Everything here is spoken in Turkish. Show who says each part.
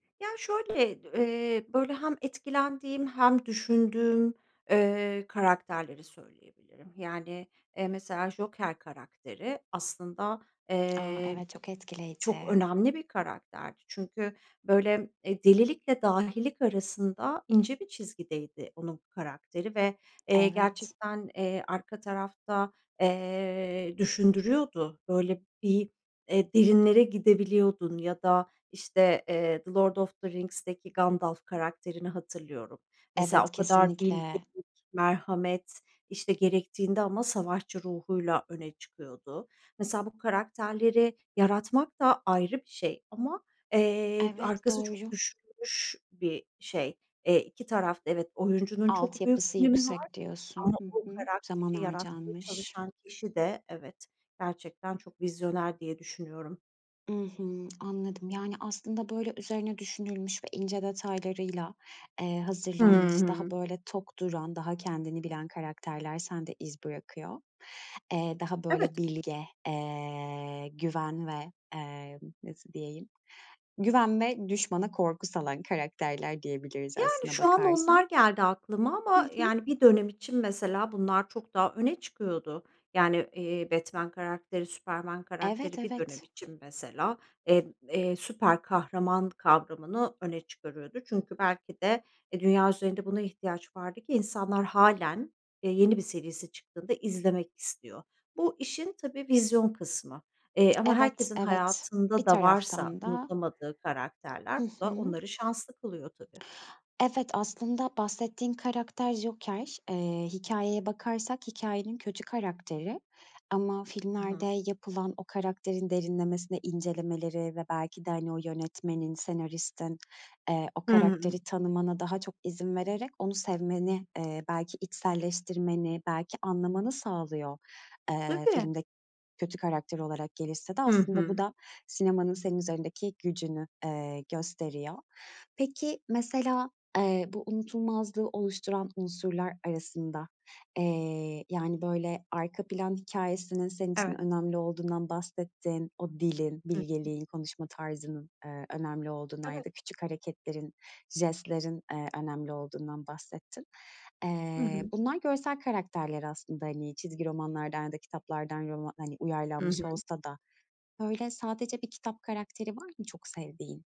Speaker 1: Ya şöyle, d eee, böyle, hem etkilendiğim hem düşündüğüm, eee, karakterleri söyleyebilirim. Yani, eee, mesela Joker karakteri aslında,
Speaker 2: A!
Speaker 1: eee,
Speaker 2: Evet, çok
Speaker 1: çok
Speaker 2: etkileyici.
Speaker 1: önemli bir karakterdi. Çünkü, böyle, eee, delilikle dahilik arasında ince bir çizgideydi onun karakteri ve, eee,
Speaker 2: Evet.
Speaker 1: gerçekten, eee, arka tarafta, eee, düşündürüyordu. Böyle bir, eee, derinlere gidebiliyordun ya da, işte, eee, The Lord of The Rings'teki Gandalf karakterini hatırlıyorum. Mesela
Speaker 2: Evet,
Speaker 1: o kadar bilgelik,
Speaker 2: kesinlikle.
Speaker 1: merhamet, işte, gerektiğinde ama savaşçı ruhuyla öne çıkıyordu. Mesela bu karakterleri yaratmak da ayrı bir şey ama, eee,
Speaker 2: Evet,
Speaker 1: arkası çok
Speaker 2: doğru.
Speaker 1: düşünülmüş bir şey. Eee, 2 taraf da, evet, oyuncunun çok büyük
Speaker 2: "Altyapısı
Speaker 1: önemi var
Speaker 2: yüksek" diyorsun.
Speaker 1: ama o
Speaker 2: Hı hı. Zaman
Speaker 1: karakteri yaratmaya
Speaker 2: harcanmış.
Speaker 1: çalışan kişi de Evet, gerçekten çok vizyoner diye düşünüyorum.
Speaker 2: I hı, anladım yani, aslında böyle üzerine düşünülmüş ve ince detaylarıyla, eee,
Speaker 1: Hı
Speaker 2: hazırlanmış, daha,
Speaker 1: hı.
Speaker 2: böyle, tok duran, daha kendini bilen karakterler sende iz bırakıyor. Eee, daha böyle
Speaker 1: Evet.
Speaker 2: bilge, eee, güven ve, emm, nasıl diyeyim, güven ve düşmana korku salan karakterler diyebiliriz
Speaker 1: Yani,
Speaker 2: aslına
Speaker 1: şu an
Speaker 2: bakarsan.
Speaker 1: onlar geldi aklıma
Speaker 2: Hı
Speaker 1: ama
Speaker 2: hı.
Speaker 1: yani bir dönem için mesela bunlar çok daha öne çıkıyordu. Yani, iii, Batman karakteri, Superman
Speaker 2: Evet,
Speaker 1: karakteri bir dönem
Speaker 2: evet.
Speaker 1: için mesela, emm, eee, süper kahraman kavramını öne çıkarıyordu. Çünkü belki de, e, dünya üzerinde buna ihtiyaç vardı ki insanlar hâlen, eee, yeni bir serisi çıktığında izlemek istiyor. Bu işin, tabii, vizyon kısmı, eee, ama
Speaker 2: Evet,
Speaker 1: herkesin
Speaker 2: evet
Speaker 1: hayatında
Speaker 2: bir
Speaker 1: da varsa
Speaker 2: taraftan da
Speaker 1: unutamadığı
Speaker 2: Hı
Speaker 1: karakterler bu da
Speaker 2: hı.
Speaker 1: onları şanslı kılıyor tabii.
Speaker 2: Evet, aslında bahsettiğin karakter Joker. Eee, hikâyeye bakarsak hikâyenin kötü karakteri ama
Speaker 1: Hı
Speaker 2: filmlerde
Speaker 1: hı.
Speaker 2: yapılan o karakterin derinlemesine incelemeleri ve belki de, hani, o yönetmenin, senaristin, eee, o
Speaker 1: Hı hı, hı.
Speaker 2: karakteri tanımana daha çok izin vererek onu sevmeni, eee, belki içselleştirmeni, belki anlamanı sağlıyor, eee,
Speaker 1: Tabii.
Speaker 2: filmde kötü karakter olarak gelişse de.
Speaker 1: Hı
Speaker 2: Aslında bu
Speaker 1: hı.
Speaker 2: da sinemanın senin üzerindeki gücünü, eee, gösteriyor. Peki, mesela, eee, bu unutulmazlığı oluşturan unsurlar arasında, eee, yani, böyle, arka plan hikâyesinin senin için
Speaker 1: Evet.
Speaker 2: önemli olduğundan bahsettin, o dilin,
Speaker 1: Hı hı.
Speaker 2: bilgeliğin, konuşma tarzının, eee, önemli olduğundan ya
Speaker 1: Evet.
Speaker 2: da küçük hareketlerin, jestlerin, eee, önemli olduğundan bahsettin.
Speaker 1: Hı
Speaker 2: Eee,
Speaker 1: hı.
Speaker 2: bunlar görsel karakterler aslında, hani, çizgi romanlardan ya da kitaplardan roma hani,
Speaker 1: Hı
Speaker 2: uyarlanmış
Speaker 1: hı.
Speaker 2: olsa da, böyle, sadece bir kitap karakteri var mı çok sevdiğin?